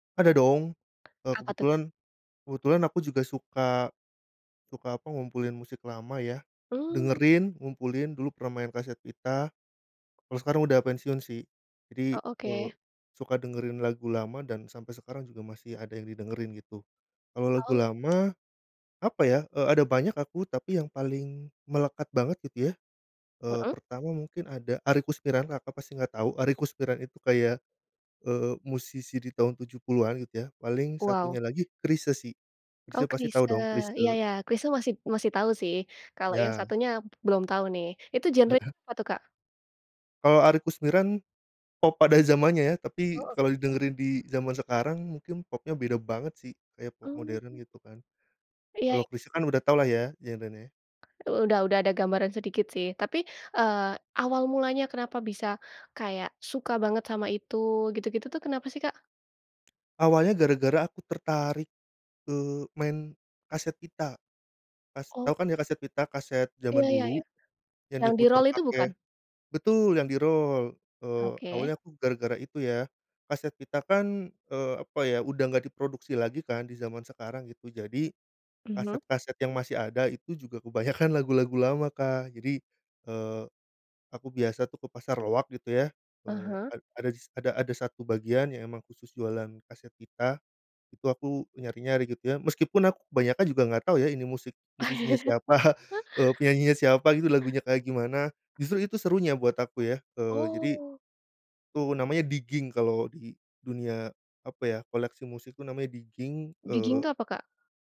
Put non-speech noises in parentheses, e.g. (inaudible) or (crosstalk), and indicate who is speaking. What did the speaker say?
Speaker 1: Ada dong, eee,
Speaker 2: Apa tuh, Kak?
Speaker 1: kebetulan kebetulan aku juga suka suka apa, ngumpulin musik lama ya,
Speaker 2: Mmm.
Speaker 1: dengerin, ngumpulin, dulu pernah main kaset pita. Kalau sekarang udah pensiun sih, jadi,
Speaker 2: Oh,
Speaker 1: eee,
Speaker 2: oke.
Speaker 1: suka dengerin lagu lama dan sampai sekarang juga masih ada yang didengerin gitu. Kalau lagu
Speaker 2: Tahu.
Speaker 1: lama, apa ya, eee, ada banyak aku, tapi yang paling melekat banget gitu ya, eee,
Speaker 2: Mhm.
Speaker 1: pertama mungkin ada Arie Koesmiran, Kakak pasti nggak tahu, Arie Koesmiran itu kayak, eee, musisi di tahun 70-an gitu ya, paling
Speaker 2: Waw.
Speaker 1: satunya lagi Chrisye sih,
Speaker 2: Oh,
Speaker 1: Chrisye pasti
Speaker 2: Chrisye,
Speaker 1: tau dong,
Speaker 2: iya
Speaker 1: Chrisye?
Speaker 2: iya. Chrisye masib masih tahu sih. Kalau yang
Speaker 1: Iya.
Speaker 2: satunya belum tahu nih. Itu genrenya
Speaker 1: (chuckles)
Speaker 2: apa tuh, Kak?
Speaker 1: Kalau Arie Koesmiran pop pada zamannya ya, tapi
Speaker 2: Oh,
Speaker 1: kalau
Speaker 2: oke.
Speaker 1: didengerin di zaman sekarang, mungkin popnya beda banget sih, kayak pop modern
Speaker 2: Mmm.
Speaker 1: gitu kan.
Speaker 2: Iya,
Speaker 1: Kalau
Speaker 2: e
Speaker 1: Chrisye kan udah tau lah ya, genrenya.
Speaker 2: Udah udah ada gambaran sedikit sih. Tapi, eee, awal mulanya kenapa bisa kayak suka banget sama itu gitu-gitu tuh, kenapa sih Kak?
Speaker 1: Awalnya gara-gara aku tertarik, eee, main kaset pita. Kas
Speaker 2: Oh.
Speaker 1: tahu kan ya, kaset pita, kaset
Speaker 2: Iya
Speaker 1: zaman
Speaker 2: iya
Speaker 1: dulu
Speaker 2: iya,
Speaker 1: yang
Speaker 2: yang di
Speaker 1: diputar
Speaker 2: rol itu bukan?
Speaker 1: pakai betul, yang di rol. Eee,
Speaker 2: Oke.
Speaker 1: awalnya aku gara-gara itu ya, kaset pita kan, eee, apa ya, udah gak diproduksi lagi kan di zaman sekarang gitu. Jadi
Speaker 2: Mhm.
Speaker 1: kaset-kaset yang masih ada itu juga kebanyakan lagu-lagu lama, Kak. Jadi, eee, aku biasa tuh ke pasar loak gitu ya, eee,
Speaker 2: Aha.
Speaker 1: ad ada dis ada ada satu bagian yang memang khusus jualan kaset pita. Itu aku menyari-nyari gitu ya. Meskipun aku kebanyakan juga nggak tau ya, ini musik, musisi
Speaker 2: (chuckles)
Speaker 1: siapa, eee, penyanyinya siapa gitu, lagunya kayak gimana. Justru itu serunya buat aku ya, eee, jadi
Speaker 2: Oh.
Speaker 1: itu namanya digging kalau di dunia apa ya, koleksi musik itu namanya digging,
Speaker 2: Digging
Speaker 1: eee
Speaker 2: tuh apa, Kak?